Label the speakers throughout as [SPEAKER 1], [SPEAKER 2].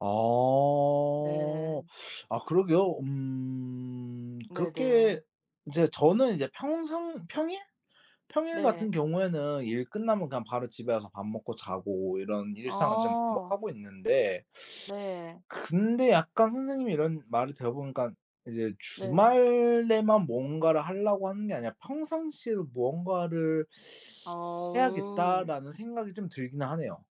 [SPEAKER 1] 아
[SPEAKER 2] 네.
[SPEAKER 1] 아 그러게요. 음
[SPEAKER 2] 네네.
[SPEAKER 1] 그렇게 인제 저는 이제 평상 평일, 평일 같은
[SPEAKER 2] 네.
[SPEAKER 1] 경우에는 일 끝나면 그냥 바로 집에 와서 밥 먹고 자고 이런 일상을 좀 뭐
[SPEAKER 2] 아.
[SPEAKER 1] 하고 있는데
[SPEAKER 2] 네.
[SPEAKER 1] 근데 약간 선생님의 이런 말을 들어 보니깐 이제
[SPEAKER 2] 네.
[SPEAKER 1] 주말에만 뭔가를 하려고 하는 게 아니라 '평상시에도 뭔가를
[SPEAKER 2] 아.
[SPEAKER 1] 해야겠다.'라는 생각이 좀 들긴 하네요.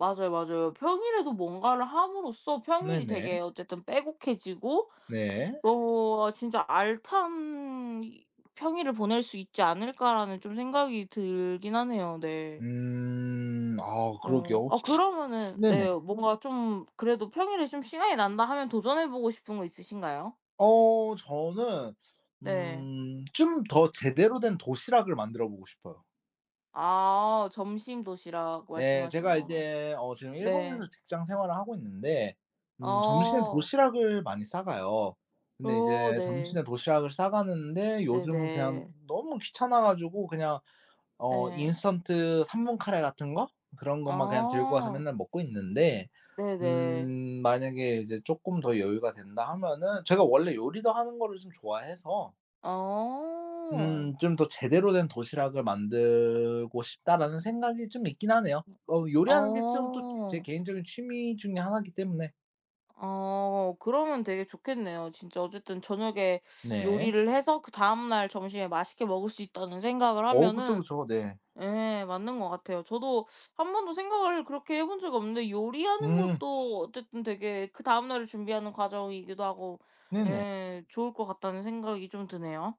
[SPEAKER 2] 맞아요, 맞아요. 평일에도 뭔가를 함으로써 평일이
[SPEAKER 1] 네네.
[SPEAKER 2] 되게 어쨌든 빼곡해지고
[SPEAKER 1] 네.
[SPEAKER 2] 너무 '어 진짜 알찬 이 평일을 보낼 수 있지 않을까.'라는 좀 생각이 들긴 하네요. 네.
[SPEAKER 1] 음 아
[SPEAKER 2] 어
[SPEAKER 1] 그러게요.
[SPEAKER 2] 아 그러면은
[SPEAKER 1] 네네.
[SPEAKER 2] 네 뭔가 좀 그래도 평일에 좀 시간이 난다 하면 도전해 보고 싶은 거 있으신가요?
[SPEAKER 1] 어 저는
[SPEAKER 2] 네.
[SPEAKER 1] 음 좀 더 제대로 된 도시락을 만들어 보고 싶어요.
[SPEAKER 2] 아 점심 도시락
[SPEAKER 1] 네
[SPEAKER 2] 말씀하시는
[SPEAKER 1] 제가
[SPEAKER 2] 거구나.
[SPEAKER 1] 이제 어 지금 일본에서
[SPEAKER 2] 네.
[SPEAKER 1] 직장 생활을 하고 있는데 음 점심에
[SPEAKER 2] 어.
[SPEAKER 1] 도시락을 많이 싸가요. 근데
[SPEAKER 2] 어
[SPEAKER 1] 이제
[SPEAKER 2] 네.
[SPEAKER 1] 점심에 도시락을 싸가는데 요즘은 그냥
[SPEAKER 2] 네네.
[SPEAKER 1] 너무 귀찮아 가지고 그냥 어
[SPEAKER 2] 네.
[SPEAKER 1] 인스턴트 3 분 카레 같은 거 그런 것만 그냥 들고 와서
[SPEAKER 2] 아.
[SPEAKER 1] 맨날 먹고 있는데
[SPEAKER 2] 네네.
[SPEAKER 1] 음 만약에 이제 쪼끔 더 여유가 된다 하면은 제가 원래 요리도 하는 거를 좀 좋아해서
[SPEAKER 2] 어.
[SPEAKER 1] 음 '좀 더 제대로 된 도시락을 만들고 싶다.'라는 생각이 좀 있긴 하네요. 어 요리하는 게 좀 또 제
[SPEAKER 2] 어.
[SPEAKER 1] 개인적인 취미 중에 하나기 때문에
[SPEAKER 2] 어 그러면 되게 좋겠네요. 진짜 어쨌든 저녁에
[SPEAKER 1] 네.
[SPEAKER 2] 요리를 해서 그다음 날 점심에 맛있게 먹을 수 있다는 생각을
[SPEAKER 1] 어 그쵸,
[SPEAKER 2] 하면은
[SPEAKER 1] 그쵸. 네.
[SPEAKER 2] 예 맞는 것 같아요. 저도 한번도 생각을 그렇게 해 본 적이 없는데 요리하는
[SPEAKER 1] 음.
[SPEAKER 2] 것도 어쨌든 되게 그다음 날을 준비하는 과정이기도 하고
[SPEAKER 1] 네네.
[SPEAKER 2] 예 좋을 것 같다는 생각이 좀 드네요.